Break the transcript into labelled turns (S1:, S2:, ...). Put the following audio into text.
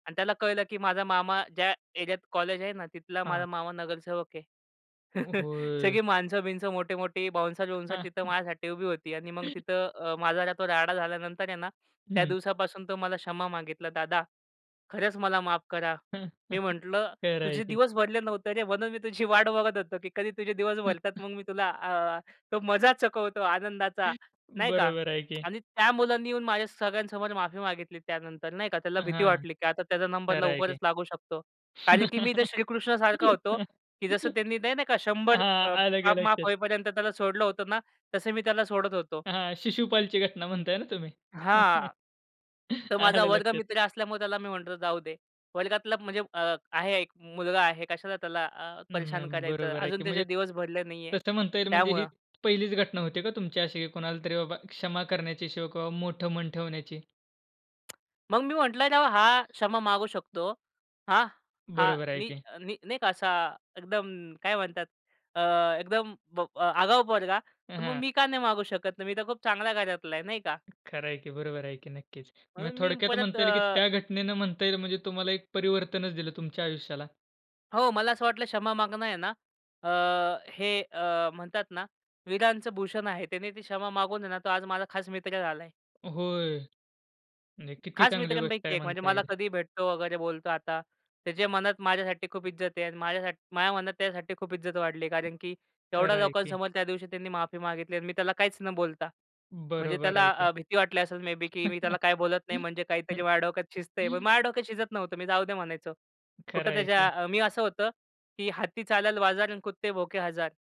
S1: आणि त्याला कळलं की माझा मामा ज्या एरियात कॉलेज आहे ना, तिथला माझा
S2: हां.
S1: मामा नगरसेवक आहे.
S2: अ, होय.
S1: सगळी माणसं-बिन्स, मोठी-मोठी बाउन्सर-बिउन्सर तिथं माझ्यासाठी उभी होती आणि मग तिथं अ, माझा तो राडा झाल्यानंतर आहे ना, त्या
S2: हं.
S1: दिवसापासून तो मला क्षमा मागितला, "दादा खरंच मला माफ करा." मी म्हटलं,
S2: खरं आहे
S1: "तुझे
S2: की.
S1: दिवस भरले नव्हते रे म्हणून मी तुझी वाट बघत होतो की कधी तुझे दिवस भरतात मग मी तुला अ, तो मजा चकवतो आनंदाचा," नाही का.
S2: बरोबर आहे की.
S1: आणि त्या मुलांनी येऊन माझ्या सगळ्यांसमोर माफी मागितली. त्यानंतर नाही का त्याला भीती
S2: हां.
S1: वाटली की आता त्याचा नंबर
S2: खरं आहे
S1: लवकरच
S2: की.
S1: लागू शकतो. कारण की मी इथे श्रीकृष्णा सारखा होतो, की जसं त्यांनी नाही नाही का, 100
S2: हां.
S1: अ,
S2: आलं की
S1: पाप माफ
S2: लक्षात.
S1: होईपर्यंत त्याला सोडलं होतं ना, तसं मी त्याला सोडत होतो.
S2: हां. शिशुपालची घटना म्हणत आहे ना तुम्ही?
S1: हां. तो माझा
S2: आलं लक्षात.
S1: वर्गमित्र असल्यामुळे त्याला मी म्हणतो जाऊ दे. वर्गातला म्हणजे अ, आहे एक मुलगा आहे कशाला त्याला अ,
S2: नाही.
S1: परेशान करायचं
S2: बरोबर आहे
S1: अजून
S2: की.
S1: त्याचे
S2: म्हणजे
S1: दिवस भरले नाही आहे,
S2: तसं म्हणता येईल म्हणजे ही
S1: त्यामुळं.
S2: पहिलीच घटना होती का तुमची अशी की कुणालातरी बाबा क्षमा करण्याची असो किंवा बाबा मोठं मन ठेवण्याची?
S1: मग मी म्हटलं राव हा क्षमा मागू शकतो, हां. हा
S2: बरोबर आहे
S1: मी
S2: की.
S1: मी नाही का असा एकदम काय म्हणतात अ, एकदम आगाऊ पोरगा
S2: हां,
S1: तर मग
S2: हां.
S1: मी का नाही मागू शकत? नाही, मी तर खूप चांगल्या घरातला आहे नाही का.
S2: खरं आहे की. बरोबर आहे की. नक्कीच म्हणजे
S1: म्हणून मी
S2: थोडक्यात
S1: परत
S2: म्हणता येईल, की
S1: अ
S2: त्या घटनेनं म्हणता येईल म्हणजे तुम्हाला एक परिवर्तनच दिलं तुमच्या आयुष्याला.
S1: हो, मला असं वाटलं क्षमा मागणं आहे ना, अ, हे अ, म्हणतात ना वीरांचं भूषण आहे. त्याने ती क्षमा मागून ना तो आज माझा खास मित्र झालाय.
S2: होय. म्हणजे किती
S1: खास
S2: चांगली गोष्ट
S1: मित्रांपैकी
S2: आहे,
S1: एक म्हणजे
S2: म्हणता
S1: मला
S2: येईल.
S1: कधीही भेटतो वगैरे बोलतो आता. त्याच्या मनात माझ्यासाठी खूप इज्जत आहे आणि माझ्यासाठ माझ्या मनात त्याच्यासाठी खूप इज्जत वाढली, कारण की एवढ्या
S2: खरं आहे की.
S1: लोकांसमोर त्यादिवशी त्यांनी माफी मागितली आणि मी त्याला काहीच न बोलता. म्हणजे
S2: बरोबर
S1: त्याला
S2: आहे की.
S1: अ, भीती वाटली असेल मे बे की मी त्याला काही बोलत नाही म्हणजे काहीतरी माझ्या डोक्यात शिजतंय. पण माझ्या डोक्यात शिजत नव्हतं. मी जाऊ दे म्हणायचो.
S2: खरं
S1: कुठं
S2: आहे
S1: त्याच्या
S2: की.
S1: अ, मी असं होतं, की "हत्ती चालल बाजार आणि कुत्ते भोके हजार."